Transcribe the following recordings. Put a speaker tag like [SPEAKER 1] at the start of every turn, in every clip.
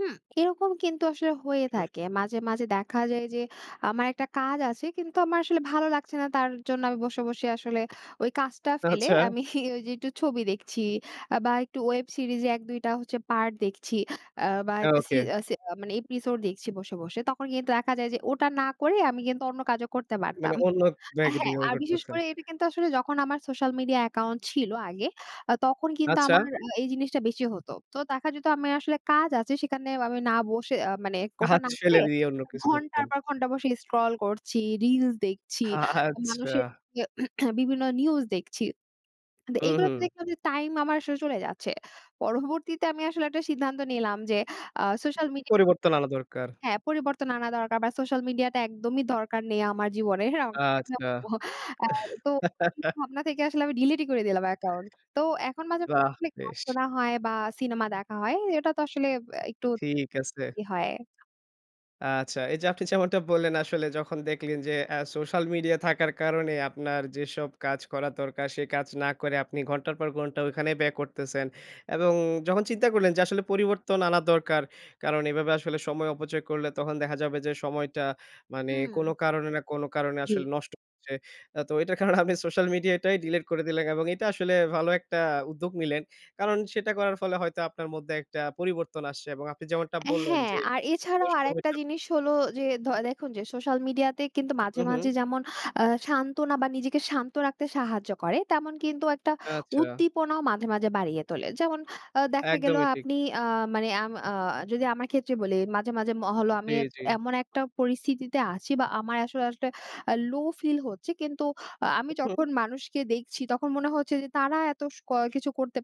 [SPEAKER 1] হুম, এরকম কিন্তু আসলে হয়ে
[SPEAKER 2] [unintelligible]
[SPEAKER 1] থাকে মাঝে, মাঝে দেখা যায়, যে আমার একটা কাজ আছে, কিন্তু আমার আসলে ভালো লাগছে না, তার জন্য আমি বসে, বসে আসলে ওই কাজটা ফেলে,
[SPEAKER 2] আচ্ছা।
[SPEAKER 1] আমি ওই যে একটু ছবি দেখছি, আ বা একটু ওয়েব সিরিজে ১-২ টা হচ্ছে পার্ট দেখছি, আ বা
[SPEAKER 2] হ্যাঁ,
[SPEAKER 1] একটা সি
[SPEAKER 2] ওকে।
[SPEAKER 1] আ সে আ মানে এপিসোড দেখছি বসে, বসে। তখন কিন্তু দেখা যায় যে ওটা না করে, আমি কিন্তু অন্য কাজও করতে পারতাম
[SPEAKER 2] মানে অন্য ব্যাগ
[SPEAKER 1] হ্যাঁ,
[SPEAKER 2] দিয়েও
[SPEAKER 1] আর বিশেষ
[SPEAKER 2] করতেছেন।
[SPEAKER 1] করে এটা কিন্তু আসলে যখন আমার সোশ্যাল মিডিয়া অ্যাকাউন্ট ছিল আগে, আ তখন কিন্তু
[SPEAKER 2] আচ্ছা।
[SPEAKER 1] আমার আ এই জিনিসটা বেশি হত। তো দেখা যেত আমার আসলে কাজ আছে, সেখানে আমি না বসে, আ মানে ওটা
[SPEAKER 2] কাজ
[SPEAKER 1] না করে,
[SPEAKER 2] ফেলে দিয়ে অন্য কিছু
[SPEAKER 1] ঘন্টার
[SPEAKER 2] করতেন।
[SPEAKER 1] পর ঘন্টা বসে স্ক্রল করছি, রিলস দেখছি, মানুষের
[SPEAKER 2] আচ্ছা।
[SPEAKER 1] বিভিন্ন নিউজ দেখছি।
[SPEAKER 2] হু,
[SPEAKER 1] এগুলো তো
[SPEAKER 2] হু।
[SPEAKER 1] দেখলাম যে, টাইম আমার আসলে চলে যাচ্ছে। পরবর্তীতে আমি আসলে একটা সিদ্ধান্ত নিলাম যে, আ সোশ্যাল মিডিয়া
[SPEAKER 2] পরিবর্তন আনা দরকার।
[SPEAKER 1] হ্যাঁ, পরিবর্তন আনা দরকার। বা সোশ্যাল মিডিয়া টা একদমই দরকার নেই, আমার জীবনের।
[SPEAKER 2] আচ্ছা।
[SPEAKER 1] [unintelligible] আ তো এই ভাবনা থেকে আসলে আমি ডিলিট করে দিলাম অ্যাকাউন্ট। তো এখন মাঝে
[SPEAKER 2] বাহ!
[SPEAKER 1] মানে গান
[SPEAKER 2] বেশ।
[SPEAKER 1] শোনা হয় বা সিনেমা দেখা হয়। এটা তো আসলে বে একটু
[SPEAKER 2] ঠিক আছে।
[SPEAKER 1] ই হয়।
[SPEAKER 2] আচ্ছা, এই যে আপনি যেমনটা বললেন, আসলে যখন দেখলেন যে আ সোশ্যাল মিডিয়া থাকার কারণে আপনার যেসব কাজ করা দরকার, সে কাজ না করে আপনি ঘন্টার পর ঘন্টা ওখানেই ব্যয় করতেছেন। এবং যখন চিন্তা করলেন যে, আসলে পরিবর্তন আনা দরকার, কারণ এভাবে আসলে সময় অপচয় করলে তখন দেখা যাবে যে, সময়টা মানে কোন
[SPEAKER 1] হুম।
[SPEAKER 2] কারণে না, কোন কারণে
[SPEAKER 1] জ্বি।
[SPEAKER 2] আসলে নষ্ট হচ্ছে। আ তো এটার কারণে আপনি সোশ্যাল মিডিয়াটাই ডিলিট করে দিলেন। এবং এটা আসলে ভালো একটা উদ্যোগ নিলেন। কারণ সেটা করার ফলে হয়তো আপনার মধ্যে একটা পরিবর্তন আসছে এবং আপনি যেমনটা
[SPEAKER 1] অ্যা
[SPEAKER 2] বললেন
[SPEAKER 1] হ্যাঁ,
[SPEAKER 2] যে
[SPEAKER 1] আর
[SPEAKER 2] ঐ
[SPEAKER 1] এছাড়াও
[SPEAKER 2] শো
[SPEAKER 1] আরেকটা
[SPEAKER 2] [unintelligible]
[SPEAKER 1] জিনিস হলো যে, দ দেখুন যে সোশ্যাল মিডিয়া তে কিন্তু মাঝে,
[SPEAKER 2] হু, হু।
[SPEAKER 1] মাঝে যেমন আ সান্ত্বনা, বা নিজেকে শান্ত রাখতে সাহায্য করে, তেমন কিন্তু একটা
[SPEAKER 2] আচ্ছা।
[SPEAKER 1] উদ্দীপনাও মাঝে, মাঝে বাড়িয়ে তোলে। যেমন আ দেখা গেল,
[SPEAKER 2] একদমই ঠিক।
[SPEAKER 1] আপনি আ মানে আম আ যদি আমার ক্ষেত্রে বলি মাঝে, মাঝে ম হলো, আমি
[SPEAKER 2] জ্বী,
[SPEAKER 1] এক
[SPEAKER 2] জ্বী।
[SPEAKER 1] এমন একটা পরিস্থিতি আছি বা আমার আসলে, আসলে আ লো ফিল হচ্ছে, কিন্তু আমি
[SPEAKER 2] উহু।
[SPEAKER 1] যখন মানুষকে দেখছি তখন মনে হচ্ছে যে, "তারা এত স কিছু করতে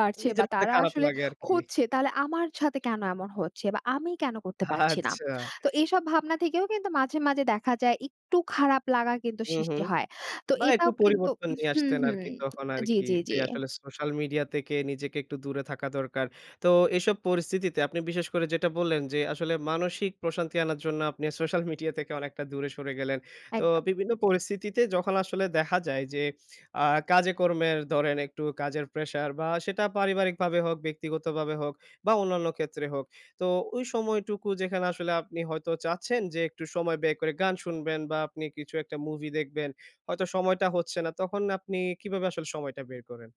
[SPEAKER 1] পারছে বা
[SPEAKER 2] নিজের মধ্যে
[SPEAKER 1] তারা
[SPEAKER 2] খারাপ
[SPEAKER 1] আসলে
[SPEAKER 2] লাগে আরকি।
[SPEAKER 1] হচ্ছে, তাহলে আমার সাথে কেন এমন হচ্ছে, বা আমি কেন করতে পারছি না?"
[SPEAKER 2] আচ্ছা।
[SPEAKER 1] তো এইসব ভাবনা থেকেও কিন্তু মাঝে, মাঝে দেখা যায়, একটু খারাপ লাগা কিন্তু
[SPEAKER 2] হুম,
[SPEAKER 1] সৃষ্টি
[SPEAKER 2] হুম।
[SPEAKER 1] হয়। তো
[SPEAKER 2] বা একটু
[SPEAKER 1] এটাও কিন্তু
[SPEAKER 2] পরিবর্তন নিয়ে
[SPEAKER 1] হুম,
[SPEAKER 2] আসতেন
[SPEAKER 1] হুম।
[SPEAKER 2] আরকি, তখন
[SPEAKER 1] জ্বী,
[SPEAKER 2] আরকি
[SPEAKER 1] জ্বী,
[SPEAKER 2] যে
[SPEAKER 1] জ্বী।
[SPEAKER 2] আসলে সোশ্যাল মিডিয়া থেকে নিজেকে একটু দূরে থাকা দরকার। তো এসব পরিস্থিতিতে আপনি বিশেষ করে যেটা বললেন, যে আসলে মানসিক প্রশান্তি আনার জন্য, আপনি সোশ্যাল মিডিয়া থেকে অনেকটা দূরে সরে গেলেন। তো
[SPEAKER 1] একদম।
[SPEAKER 2] বিভিন্ন পরিস্থিতিতে যখন আসলে দেখা যায় যে, আ কাজে কর্মের ধরেন একটু কাজের প্রেশার বা সেটা পারিবারিকভাবে হোক, ব্যক্তিগতভাবে হোক, বা অন্যান্য ক্ষেত্রে হোক। তো ওই সময়টুকু যেখানে আসলে আপনি হয়তো চাচ্ছেন যে, একটু সময় বের করে গান শুনবেন বা আপনি কিছু একটা মুভি দেখবেন, হয়তো সময়টা হচ্ছে না। তখন আপনি কিভাবে আসলে সময়টা বের করেন?